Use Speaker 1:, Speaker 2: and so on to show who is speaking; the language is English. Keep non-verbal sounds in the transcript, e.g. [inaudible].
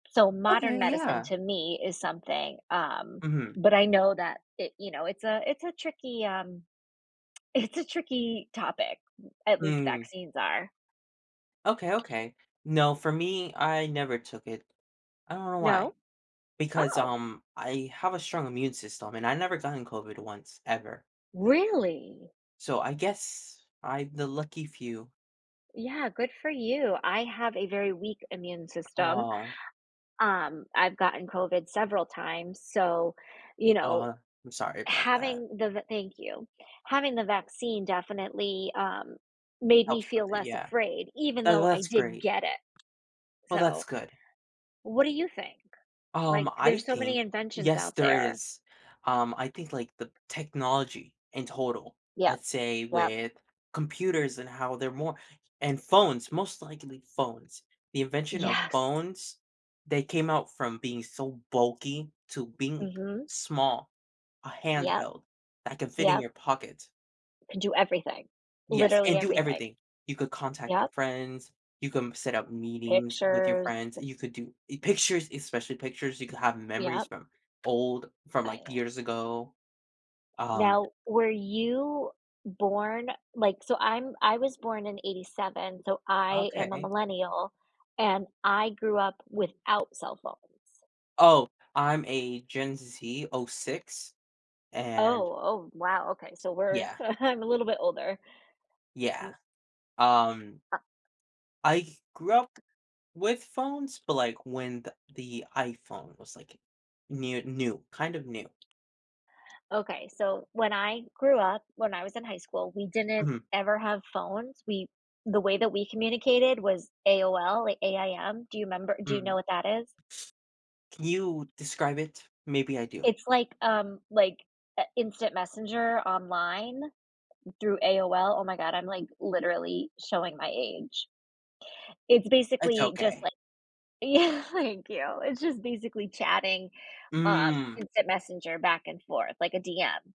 Speaker 1: So modern
Speaker 2: Okay,
Speaker 1: medicine
Speaker 2: yeah.
Speaker 1: to me is something, um,
Speaker 2: Mhm.
Speaker 1: but I know that it, you know, it's a it's a tricky, um it's a tricky topic, at least
Speaker 2: Mm.
Speaker 1: vaccines are.
Speaker 2: Okay, okay. No, for me, I never took it. I don't know why.
Speaker 1: No?
Speaker 2: Because,
Speaker 1: Oh!
Speaker 2: um, I have a strong immune system and I've never gotten COVID once ever.
Speaker 1: Really?
Speaker 2: So I guess I'm the lucky few.
Speaker 1: Yeah, good for you. I have a very weak immune system.
Speaker 2: Oh.
Speaker 1: Um, I've gotten COVID several times, so, you know,
Speaker 2: Uh, I'm sorry about that.
Speaker 1: having th the Thank you. Having the vaccine definitely, um, made me
Speaker 2: Helps with
Speaker 1: feel
Speaker 2: it,
Speaker 1: less
Speaker 2: yeah.
Speaker 1: afraid even
Speaker 2: Tha
Speaker 1: though I
Speaker 2: that's
Speaker 1: did
Speaker 2: great.
Speaker 1: get it,
Speaker 2: Well, that's
Speaker 1: so
Speaker 2: good.
Speaker 1: What do you think?
Speaker 2: Um,
Speaker 1: Like,
Speaker 2: I
Speaker 1: there's so many
Speaker 2: think
Speaker 1: inventions
Speaker 2: yes,
Speaker 1: out
Speaker 2: there
Speaker 1: there.
Speaker 2: is. Um, I think like the technology in total,
Speaker 1: Yep,
Speaker 2: let's say
Speaker 1: yep.
Speaker 2: with computers and how they're more and phones, most likely phones. The invention of
Speaker 1: Yes.
Speaker 2: phones, they came out from being so bulky to being
Speaker 1: Mhm.
Speaker 2: small, a
Speaker 1: Yep.
Speaker 2: handheld, that can fit in
Speaker 1: Yup.
Speaker 2: your pocket.
Speaker 1: Can do everything.
Speaker 2: Yes,
Speaker 1: Literally
Speaker 2: and do
Speaker 1: everything.
Speaker 2: everything. You could contact your
Speaker 1: Yup.
Speaker 2: friends, you come set up meetings with your
Speaker 1: Pictures
Speaker 2: friends, you could do i pictures, especially pictures, you could have
Speaker 1: Yeah.
Speaker 2: memories from old from
Speaker 1: I
Speaker 2: like,
Speaker 1: know.
Speaker 2: years ago, um
Speaker 1: Now, were you born like, so I'm I was born in '87, so I am a
Speaker 2: Okay.
Speaker 1: millennial and I grew up without cell phones.
Speaker 2: Oh, I'm a Gen Z '06, and
Speaker 1: Oh. Oh, wow, okay, so we're
Speaker 2: Yeah.
Speaker 1: [chuckles] I'm a little bit older.
Speaker 2: Yeah,
Speaker 1: N
Speaker 2: um
Speaker 1: Uh
Speaker 2: I grew up with phones, but like when the the iPhone was like new new kind of new.
Speaker 1: Okay, so, when I grew up, when I was in high school, we didn't
Speaker 2: Mhm.
Speaker 1: ever have phones. We the way that we communicated was AOL like AIM. Do you 'member do you
Speaker 2: Mhm.
Speaker 1: know what that is?
Speaker 2: Can you describe it? Maybe I do.
Speaker 1: It's like, um, like a instant messenger online through AOL. Oh my god, I'm like literally showing my age. It's
Speaker 2: It's
Speaker 1: basically just
Speaker 2: okay.
Speaker 1: like Yeah, thank you. It's just basically chatting, uh,
Speaker 2: Mm.
Speaker 1: instant messenger back and forth like a DM.